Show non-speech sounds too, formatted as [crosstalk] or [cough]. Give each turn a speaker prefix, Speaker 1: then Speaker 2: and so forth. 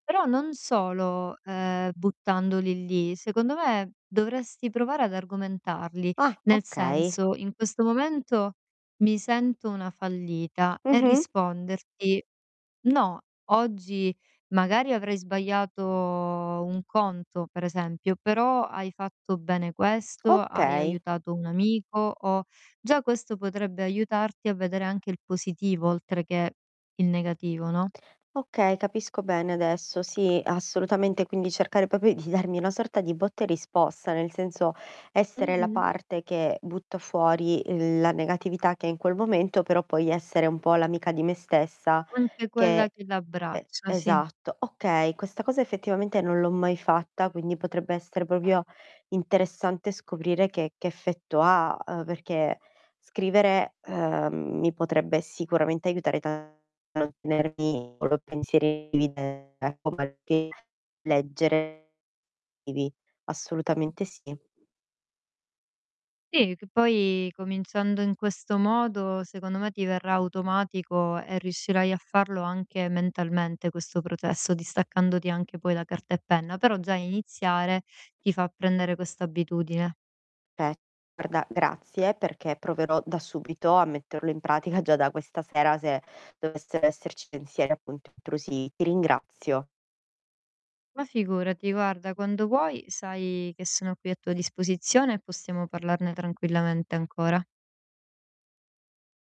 Speaker 1: Però non solo, uhm, buttandoli lì. Secondo me, dovresti provare ad argomentarli,
Speaker 2: Ah,
Speaker 1: nel
Speaker 2: okay.
Speaker 1: senso: "In questo momento mi sento una fallita." E
Speaker 2: Mh-mh.
Speaker 1: risponderti: "No, oggi magari avrai sbagliato un conto, per esempio, però hai fatto bene questo, hai
Speaker 2: Okay.
Speaker 1: aiutato un amico o" Già questo potrebbe aiutarti a vedere anche il positivo oltre che il negativo, no?
Speaker 2: Okay, capisco bene adesso. Sì, assolutamente. Quindi cercare proprio di darmi una sorta di botta e risposta, nel senso, essere la
Speaker 1: Mh-mh.
Speaker 2: parte che butta fuori la negatività che hai in quel momento, però poi essere un po' l'amica di me stessa
Speaker 1: Anche
Speaker 2: che
Speaker 1: quella che
Speaker 2: E
Speaker 1: l'abbraccia, sì.
Speaker 2: esatto. Okay, questa cosa effettivamente non l'ho mai fatta, quindi potrebbe essere proprio interessante scoprire che che effetto ha, uhm, perché scrivere, uhm, mi potrebbe sicuramente aiutare tanto a tenermi con i pensieri [unintelligible] ecco perché leggere [unintelligible] assolutamente sì.
Speaker 1: Sì, c poi cominciando in questo modo, secondo me, ti verrà automatico e riuscirai a farlo anche mentalmente questo processo, distaccandoti anche poi da carta e penna. Però già iniziare ti fa prendere questa abitudine.
Speaker 2: Pe guarda, grazie perché proverò da subito a metterlo in pratica già da questa sera se dovessero esserci pensieri, appunto, intrusivi. Ti ringrazio.
Speaker 1: Ma figurati, guarda, quando vuoi sai che sono qui a tua disposizione, e possiamo parlarne tranquillamente ancora.